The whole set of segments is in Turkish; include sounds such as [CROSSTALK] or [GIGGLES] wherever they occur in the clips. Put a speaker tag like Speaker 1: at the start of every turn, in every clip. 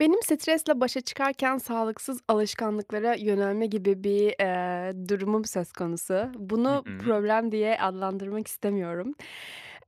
Speaker 1: Benim stresle başa çıkarken sağlıksız alışkanlıklara yönelme gibi bir, eee, durumum söz konusu.
Speaker 2: Hı
Speaker 1: Bunu
Speaker 2: hı.
Speaker 1: problem diye adlandırmak istemiyorum.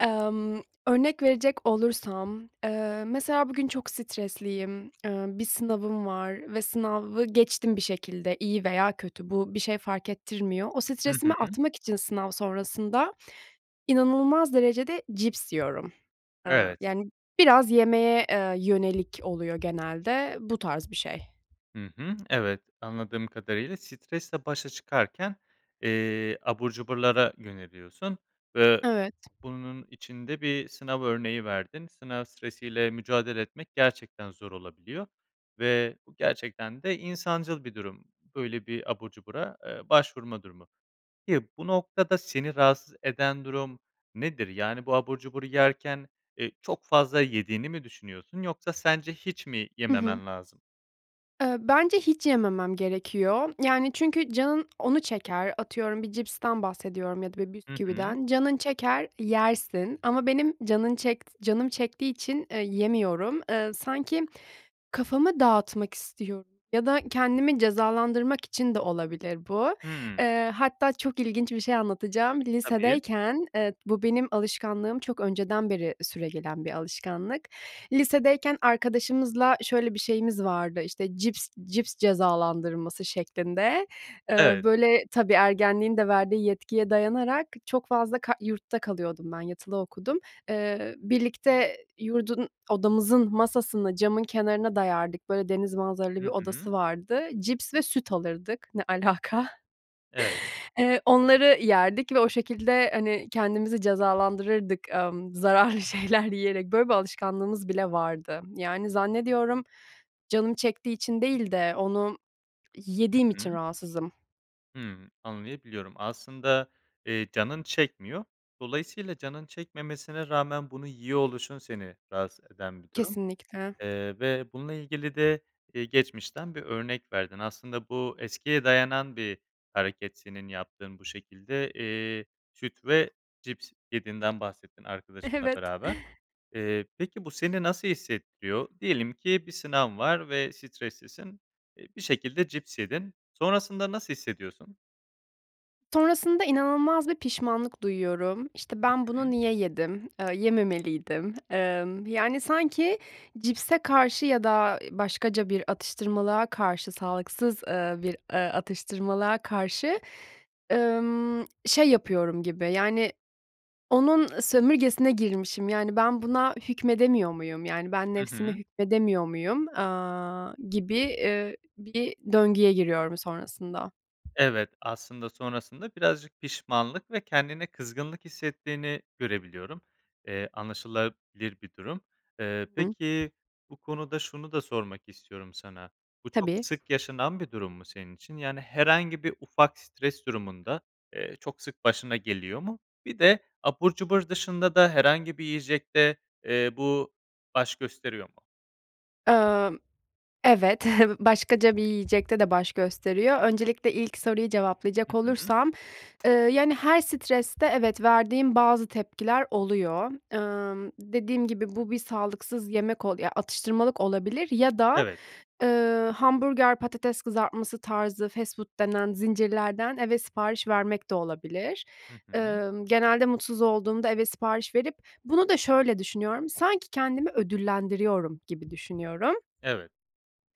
Speaker 1: Emm, örnek verecek olursam, eee, mesela, bugün çok stresliyim. Eee, bir sınavım var ve sınavı geçtim bir şekilde. İyi veya kötü bu bir şey fark ettirmiyor. O
Speaker 2: Hı
Speaker 1: stresimi
Speaker 2: hı.
Speaker 1: atmak için sınav sonrasında inanılmaz derecede cips yiyorum. Eee,
Speaker 2: Evet.
Speaker 1: yani, biraz yemeye, eee, yönelik oluyor genelde. Bu tarz bir şey.
Speaker 2: Hı hı. Evet. Anladığım kadarıyla stresle başa çıkarken, eee, abur cuburlara yöneliyorsun ve
Speaker 1: Evet.
Speaker 2: bunun için de bir sınav örneği verdin. Sınav stresi ile mücadele etmek gerçekten zor olabiliyor. Ve bu gerçekten de insancıl bir durum. Böyle bir abur cubura, aaa, başvurma durumu. Peki, bu noktada seni rahatsız eden durum nedir? Yani, bu abur cuburu yerken, eee, çok fazla yediğini mi düşünüyorsun yoksa sence hiç mi
Speaker 1: Hı hı.
Speaker 2: yememen lazım?
Speaker 1: Eee, bence hiç yememem gerekiyor. Yani, çünkü canın onu çeker, atıyorum bir cipsten bahsediyorum ya da
Speaker 2: Hı hı.
Speaker 1: bisküviden. Canın çeker, yersin ama benim canın çekt canım çektiği için, eee, yemiyorum, eee, sanki kafamı dağıtmak istiyorum ya da kendimi cezalandırmak için de olabilir bu.
Speaker 2: Hımm.
Speaker 1: Eee, hatta çok ilginç bir şey anlatacağım,
Speaker 2: Tabii.
Speaker 1: lisedeyken Eee, bu benim alışkanlığım çok önceden beri süregelen bir alışkanlık. Lisedeyken arkadaşımızla şöyle bir şeyimiz vardı, işte, cips cips cezalandırması şeklinde. Eee,
Speaker 2: Evet.
Speaker 1: böyle, tabii ergenliğin de verdiği yetkiye dayanarak çok fazla ka Yurtta kalıyordum ben, yatılı okudum. Eee, birlikte yurdun odamızın masasını camın kenarına dayardık, böyle, deniz manzaralı
Speaker 2: Hı
Speaker 1: bir
Speaker 2: hı.
Speaker 1: odası vardı. Cips ve süt alırdık. Ne alaka?
Speaker 2: Evet.
Speaker 1: Eee, onları yerdik ve o şekilde, hani, kendimizi cezalandırırdık, amm, zararlı şeyler yiyerek. Böyle bir alışkanlığımız bile vardı. Yani, zannediyorum canım çektiği için değil de onu
Speaker 2: Hı
Speaker 1: yediğim
Speaker 2: hı.
Speaker 1: için rahatsızım.
Speaker 2: Hımm, anlayabiliyorum. Aslında, eee, canın çekmiyor. Dolayısıyla canın çekmemesine rağmen bunu yiyor oluşun seni rahatsız eden bir durum.
Speaker 1: Kesinlikle.
Speaker 2: Eee, ve bununla ilgili de, eee, geçmişten bir örnek verdin. Aslında bu, eskiye dayanan bir hareket, senin yaptığın bu şekilde. Eee, süt ve cips yediğinden bahsettin arkadaşınla
Speaker 1: Evet.
Speaker 2: beraber. Eee, peki, bu seni nasıl hissettiriyor? Diyelim ki, bir sınav var ve streslisin. Eee, bir şekilde cips yedin. Sonrasında nasıl hissediyorsun?
Speaker 1: Sonrasında inanılmaz bir pişmanlık duyuyorum. İşte,
Speaker 2: Hı
Speaker 1: ben
Speaker 2: hı.
Speaker 1: bunu niye yedim? Aaa, yememeliydim. Emm, yani, sanki cipse karşı ya da başkaca bir atıştırmalığa karşı, sağlıksız, ııı, bir, ııı, atıştırmalığa karşı, ımm, şey yapıyorum gibi, yani, onun sömürgesine girmişim. Yani, ben buna hükmedemiyor muyum? Yani, ben
Speaker 2: Hı
Speaker 1: nefsime
Speaker 2: hı.
Speaker 1: hükmedemiyor muyum? Aaa, gibi, eee, bir döngüye giriyorum sonrasında.
Speaker 2: Evet, aslında sonrasında birazcık pişmanlık ve kendine kızgınlık hissettiğini görebiliyorum. Eee, anlaşılabilir bir durum.
Speaker 1: Hı
Speaker 2: Eee,
Speaker 1: hı.
Speaker 2: peki, bu konuda şunu da sormak istiyorum sana, bu çok
Speaker 1: Tabii.
Speaker 2: sık yaşanan bir durum mu, senin için? Yani, herhangi bir ufak stres durumunda, eee, çok sık başına geliyor mu? Bir de abur cubur dışında da herhangi bir yiyecekte, eee, bu baş gösteriyor mu?
Speaker 1: Amm, evet, [CHUCKLES] başkaca bir yiyecekte de baş gösteriyor. Öncelikle ilk soruyu
Speaker 2: Hı
Speaker 1: cevaplayacak
Speaker 2: hı.
Speaker 1: olursam, eee, yani, her streste, evet, verdiğim bazı tepkiler oluyor. Imm, dediğim gibi, bu bir sağlıksız yemek ol ya, atıştırmalık olabilir ya da,
Speaker 2: Evet.
Speaker 1: eee, hamburger, patates kızartması tarzı fast food denen zincirlerden eve sipariş vermek de olabilir.
Speaker 2: Hı hı.
Speaker 1: Emm, genelde mutsuz olduğumda eve sipariş verip bunu da şöyle düşünüyorum, sanki kendimi ödüllendiriyorum gibi düşünüyorum.
Speaker 2: Evet.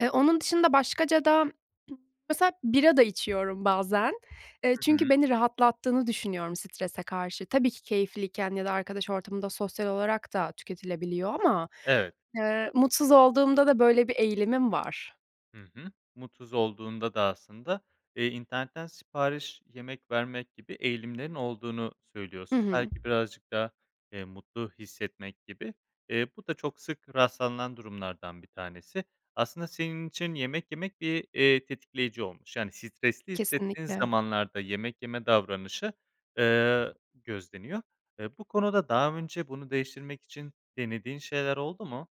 Speaker 1: Eee, onun dışında başkaca da [CLEARS THROAT] mesela bira da içiyorum bazen. Eee,
Speaker 2: Hı hı.
Speaker 1: çünkü beni rahatlattığını düşünüyorum strese karşı. Tabii ki keyifliyken ya da arkadaş ortamında sosyal olarak da tüketilebiliyor ama,
Speaker 2: Evet.
Speaker 1: eee, mutsuz olduğumda da böyle bir eğilimim var.
Speaker 2: Hı hı. Mutsuz olduğunda da aslında, eee, internetten sipariş yemek vermek gibi eğilimlerin olduğunu
Speaker 1: Hı
Speaker 2: söylüyorsun.
Speaker 1: hı.
Speaker 2: Belki birazcık daha, eee, mutlu hissetmek gibi. Eee, bu da çok sık rastlanılan durumlardan 1 tanesi. Aslında senin için yemek yemek bir, eee, tetikleyici olmuş, yani, stresli hissettiğin
Speaker 1: Kesinlikle.
Speaker 2: zamanlarda yemek yeme davranışı, eee, gözleniyor. Eee, bu konuda daha önce bunu değiştirmek için denediğin şeyler oldu mu?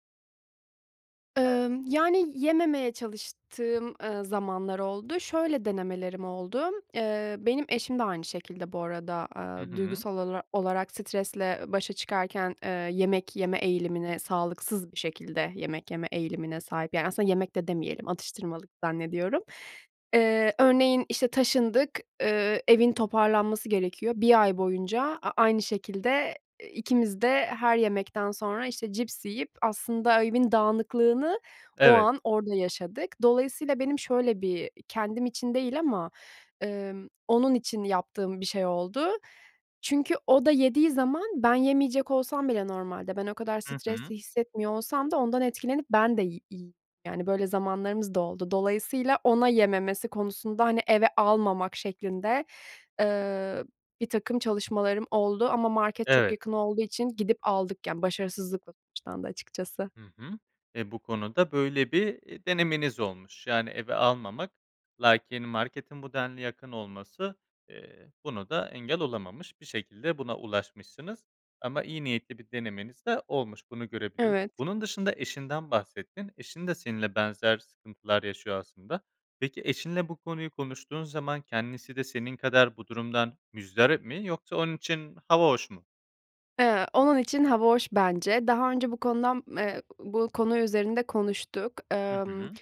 Speaker 1: Imm, yani, yememeye çalıştığım, ııı, zamanlar oldu. Şöyle denemelerim oldu; eee, benim eşim de aynı şekilde bu arada,
Speaker 2: Hı
Speaker 1: aaa,
Speaker 2: hı.
Speaker 1: duygusal olara olarak stresle başa çıkarken, eee, yemek yeme eğilimine, sağlıksız bir şekilde yemek yeme eğilimine sahip. Yani, aslında yemek de demeyelim atıştırmalık zannediyorum. Eee, örneğin, işte, taşındık. Eee, evin toparlanması gerekiyor. 1 ay boyunca a aynı şekilde, eee, ikimiz de her yemekten sonra, işte, cips yiyip aslında evin dağınıklığını o
Speaker 2: Evet.
Speaker 1: an, orada yaşadık. Dolayısıyla benim şöyle bir kendim için değil ama, ımm, onun için yaptığım bir şey oldu. Çünkü o da yediği zaman ben yemeyecek olsam bile normalde, ben o kadar
Speaker 2: Hı hı.
Speaker 1: stresli hissetmiyor olsam da ondan etkilenip ben de yi yi yani, böyle zamanlarımız da oldu. Dolayısıyla ona yememesi konusunda, hani, eve almamak şeklinde, ııı, birtakım çalışmalarım oldu ama market çok
Speaker 2: Evet.
Speaker 1: yakın olduğu için gidip aldık, yani, başarısızlıkla sonuçlandı açıkçası.
Speaker 2: Hı hı. E, bu konuda böyle bir, iii, denemeniz olmuş. Yani, eve almamak. Lakin marketin bu denli yakın olması, eee, buna da engel olamamış. Bir şekilde buna ulaşmışsınız ama iyi niyetli bir denemeniz de olmuş. Bunu görebiliyorum.
Speaker 1: Evet.
Speaker 2: Bunun dışında eşinden bahsettin. Eşin de seninle benzer sıkıntılar yaşıyor aslında. Peki, eşinle bu konuyu konuştuğun zaman kendisi de senin kadar bu durumdan muzdarip mi yoksa onun için hava hoş mu?
Speaker 1: Eee, onun için hava hoş bence. Daha önce bu konudan me e bu konu üzerinde konuştuk.
Speaker 2: Hı
Speaker 1: Emm,
Speaker 2: hı.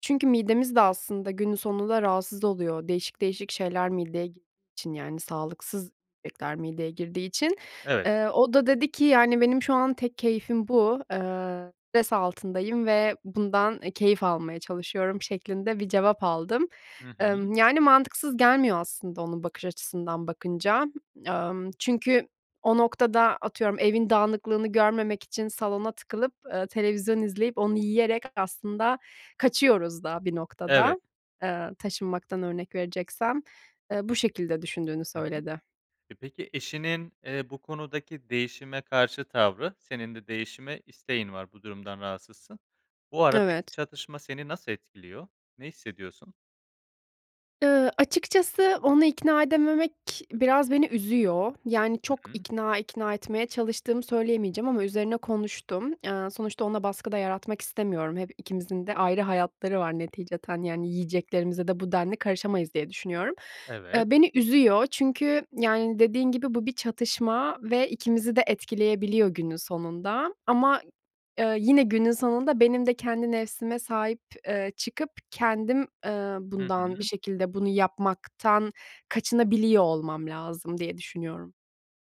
Speaker 1: çünkü midemiz de aslında günün sonunda rahatsız oluyor. Değişik değişik şeyler mideye gi için, yani, sağlıksız yemekler mideye girdiği için.
Speaker 2: Evet.
Speaker 1: Eee, o da dedi ki: "Yani, benim şu an tek keyfim bu, eee, stres altındayım ve bundan, eee, keyif almaya çalışıyorum." şeklinde bir cevap aldım.
Speaker 2: Hı hı.
Speaker 1: Emm, yani, mantıksız gelmiyor aslında onun bakış açısından bakınca. Emm, çünkü o noktada atıyorum evin dağınıklığını görmemek için salona tıkılıp, eee, televizyon izleyip onu yiyerek aslında kaçıyoruz da bir
Speaker 2: Evet.
Speaker 1: noktada, eee, taşınmaktan örnek vereceksem. Eee, bu şekilde düşündüğünü
Speaker 2: Hı hı.
Speaker 1: söyledi.
Speaker 2: E, peki eşinin, eee, bu konudaki değişime karşı tavrı, senin de değişime isteğin var, bu durumdan rahatsızsın. Bu aradaki
Speaker 1: Evet.
Speaker 2: çatışma seni nasıl etkiliyor, ne hissediyorsun?
Speaker 1: Eee, açıkçası onu ikna edememek biraz beni üzüyor. Yani, çok
Speaker 2: Hı hı.
Speaker 1: ikna ikna etmeye çalıştığımı söyleyemeyeceğim ama üzerine konuştum. Eee, sonuçta ona baskı da yaratmak istemiyorum. Hem ikimizin de ayrı hayatları var neticeten, yani, yiyeceklerimize de bu denli karışamayız diye düşünüyorum.
Speaker 2: Evet.
Speaker 1: Eee, beni üzüyor çünkü, yani, dediğin gibi, bu bir çatışma ve ikimizi de etkileyebiliyor günün sonunda ama, ı eee, yine günün sonunda benim de kendi nefsime sahip, eee, çıkıp kendim, eee,
Speaker 2: Hı
Speaker 1: bundan bir
Speaker 2: hı.
Speaker 1: şekilde, bunu yapmaktan kaçınabiliyor olmam lazım diye düşünüyorum.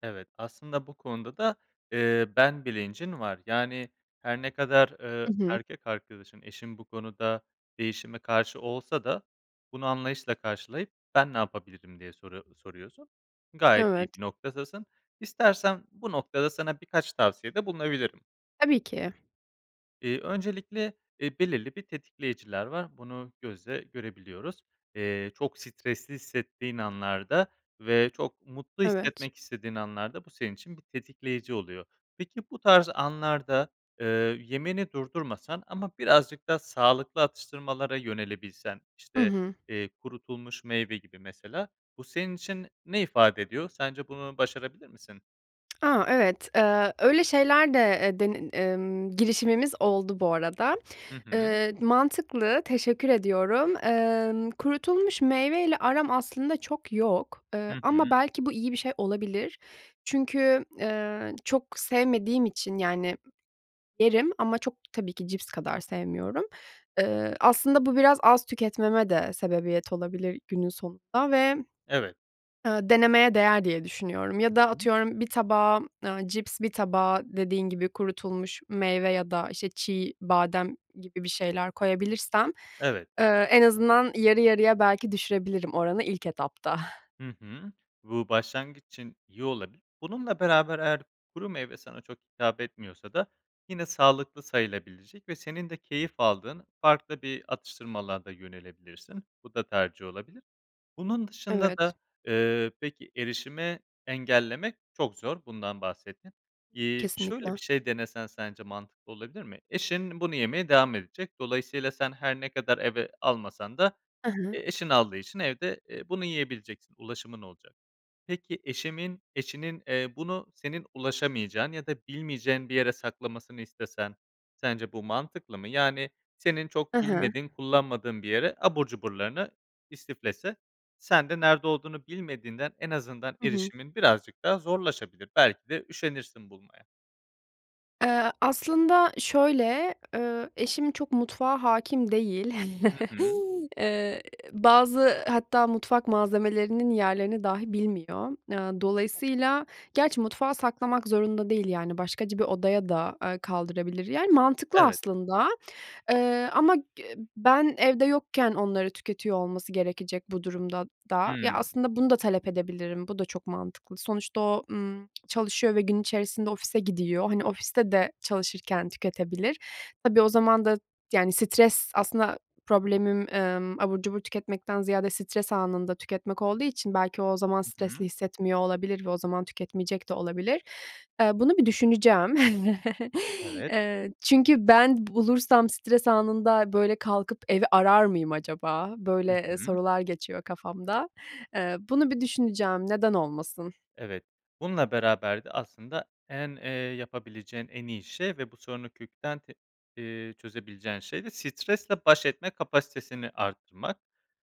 Speaker 2: Evet, aslında bu konuda da, ııı, ben bilincin var. Yani, her ne kadar, ııı,
Speaker 1: Hı hı.
Speaker 2: erkek arkadaşın, eşin bu konuda değişime karşı olsa da bunu anlayışla karşılayıp, "Ben ne yapabilirim?" diye soru soruyorsun. Gayet iyi
Speaker 1: Evet.
Speaker 2: bir noktadasın. İstersen bu noktada sana birkaç tavsiyede bulunabilirim.
Speaker 1: Tabii ki.
Speaker 2: İii, öncelikle, eee, belirli bir tetikleyiciler var, bunu gözle görebiliyoruz. Eee, çok stresli hissettiğin anlarda ve çok mutlu
Speaker 1: Evet.
Speaker 2: hissetmek istediğin anlarda bu senin için bir tetikleyici oluyor. Peki, bu tarz anlarda, eee, yemeni durdurmasan ama birazcık daha sağlıklı atıştırmalara yönelebilsen.
Speaker 1: Hı
Speaker 2: İşte,
Speaker 1: hı.
Speaker 2: eee, kurutulmuş meyve gibi mesela, bu senin için ne ifade ediyor? Sence bunu başarabilir misin?
Speaker 1: Aaa, evet, eee, öyle şeyler de, eee, denin ımm, girişimimiz oldu bu arada.
Speaker 2: Hı hı.
Speaker 1: Iıı, mantıklı, teşekkür ediyorum. Emm, kurutulmuş meyveyle aram aslında çok yok.
Speaker 2: Hı
Speaker 1: Iıı,
Speaker 2: hı.
Speaker 1: ama belki bu iyi bir şey olabilir. Çünkü, ııı, çok sevmediğim için, yani, yerim ama çok tabii ki cips kadar sevmiyorum. Iıı, aslında bu biraz az tüketmeme de sebebiyet olabilir günün sonunda. Ve,
Speaker 2: Evet.
Speaker 1: ııı, denemeye değer diye düşünüyorum.
Speaker 2: Hı
Speaker 1: Ya da
Speaker 2: hı.
Speaker 1: atıyorum bir tabağa, ııı, cips, bir tabağa dediğin gibi kurutulmuş meyve ya da, işte, çiğ badem gibi bir şeyler koyabilirsem,
Speaker 2: Evet.
Speaker 1: ııı, en azından yarı yarıya belki düşürebilirim oranı ilk etapta. [GIGGLES]
Speaker 2: Hı hı. Bu, başlangıç için iyi olabilir. Bununla beraber eğer kuru meyve sana çok hitap etmiyorsa da yine sağlıklı sayılabilecek ve senin de keyif aldığın farklı bir atıştırmalığa da yönelebilirsin. Bu da tercih olabilir. Bunun dışında da,
Speaker 1: Evet.
Speaker 2: ııı, peki erişime engellemek çok zor, bundan bahsettin. İii, şöyle
Speaker 1: Kesinlikle.
Speaker 2: bir şey denesen sence mantıklı olabilir mi? Eşin bunu yemeye devam edecek. Dolayısıyla sen her ne kadar eve almasan da,
Speaker 1: Hı hı.
Speaker 2: eee, eşin aldığı için evde, eee, bunu yiyebileceksin, ulaşımın olacak. Peki, eşimin eşinin, eee, bunu senin ulaşamayacağın ya da bilmeyeceğin bir yere saklamasını istesen sence bu mantıklı mı? Yani, senin
Speaker 1: Hı
Speaker 2: çok
Speaker 1: hı.
Speaker 2: bilmediğin, kullanmadığın bir yere abur cuburlarını istiflese. Sen de nerede olduğunu bilmediğinden en azından
Speaker 1: Hı hı.
Speaker 2: erişimin birazcık daha zorlaşabilir. Belki de üşenirsin bulmaya.
Speaker 1: Eee, aslında, şöyle, eee, eşim çok mutfağa hâkim değil.
Speaker 2: Hı
Speaker 1: [CHUCKLES]
Speaker 2: hı.
Speaker 1: Eee, bazı, hatta, mutfak malzemelerinin yerlerini dahi bilmiyor. Aaa, dolayısıyla, gerçi, mutfağa saklamak zorunda değil, yani, başkaca bir odaya da, eee, kaldırabilir, yani, mantıklı,
Speaker 2: Evet.
Speaker 1: aslında, eee, ama g ı ben evde yokken onları tüketiyor olması gerekecek bu durumda da. Ya,
Speaker 2: Hımm.
Speaker 1: aslında, bunu da talep edebilirim. Bu da çok mantıklı. Sonuçta o, ımm, çalışıyor ve gün içerisinde ofise gidiyor. Hani, ofiste de çalışırken tüketebilir. Tabii, o zaman da, yani, stres, aslında, problemim, emm, abur cubur tüketmekten ziyade stres anında tüketmek olduğu için, belki, o o zaman
Speaker 2: Hı
Speaker 1: stresli
Speaker 2: hı.
Speaker 1: hissetmiyor olabilir ve o zaman tüketmeyecek de olabilir. Eee, bunu bir düşüneceğim. [CHUCKLES]
Speaker 2: Evet.
Speaker 1: Eee, çünkü ben bulursam stres anında, böyle, "Kalkıp evi arar mıyım acaba?"
Speaker 2: Hı
Speaker 1: böyle, eee,
Speaker 2: hı.
Speaker 1: sorular geçiyor kafamda. Eee, bunu bir düşüneceğim, neden olmasın?
Speaker 2: Evet, bununla beraber de, aslında, en, eee, yapabileceğin en iyi şey ve bu sorunu kökten, t eee, çözebileceğin şey de stresle baş etme kapasitesini arttırmak.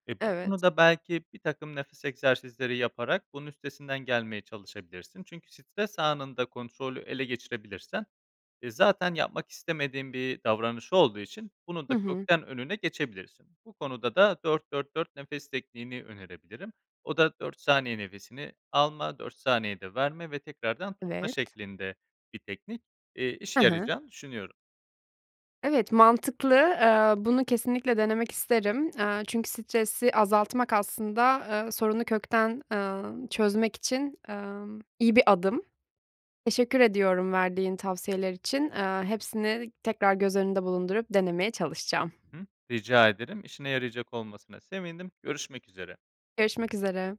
Speaker 2: Eee, bu
Speaker 1: Evet.
Speaker 2: konuda, belki, birtakım nefes egzersizleri yaparak bunun üstesinden gelmeye çalışabilirsin. Çünkü stres anında kontrolü ele geçirebilirsen, eee, zaten, yapmak istemediğin bir davranış olduğu için bunun
Speaker 1: Hı
Speaker 2: da
Speaker 1: hı.
Speaker 2: kökten önüne geçebilirsin. Bu konuda da 4-4-4 nefes tekniğini önerebilirim. O da 4 saniye nefesini alma, 4 saniyede verme ve tekrardan tutma
Speaker 1: Evet.
Speaker 2: şeklinde bir teknik, eee,
Speaker 1: He
Speaker 2: işe
Speaker 1: he.
Speaker 2: yarayacağını düşünüyorum.
Speaker 1: Evet, mantıklı, eee, bunu kesinlikle denemek isterim, eee, çünkü stresi azaltmak, aslında, eee, sorunu kökten, emm, çözmek için, emm, iyi bir adım. Teşekkür ediyorum verdiğin tavsiyeler için, eee, hepsini tekrar göz önünde bulundurup denemeye çalışacağım.
Speaker 2: Hı hı. Rica ederim, işine yarayacak olmasına sevindim, görüşmek üzere.
Speaker 1: Görüşmek üzere.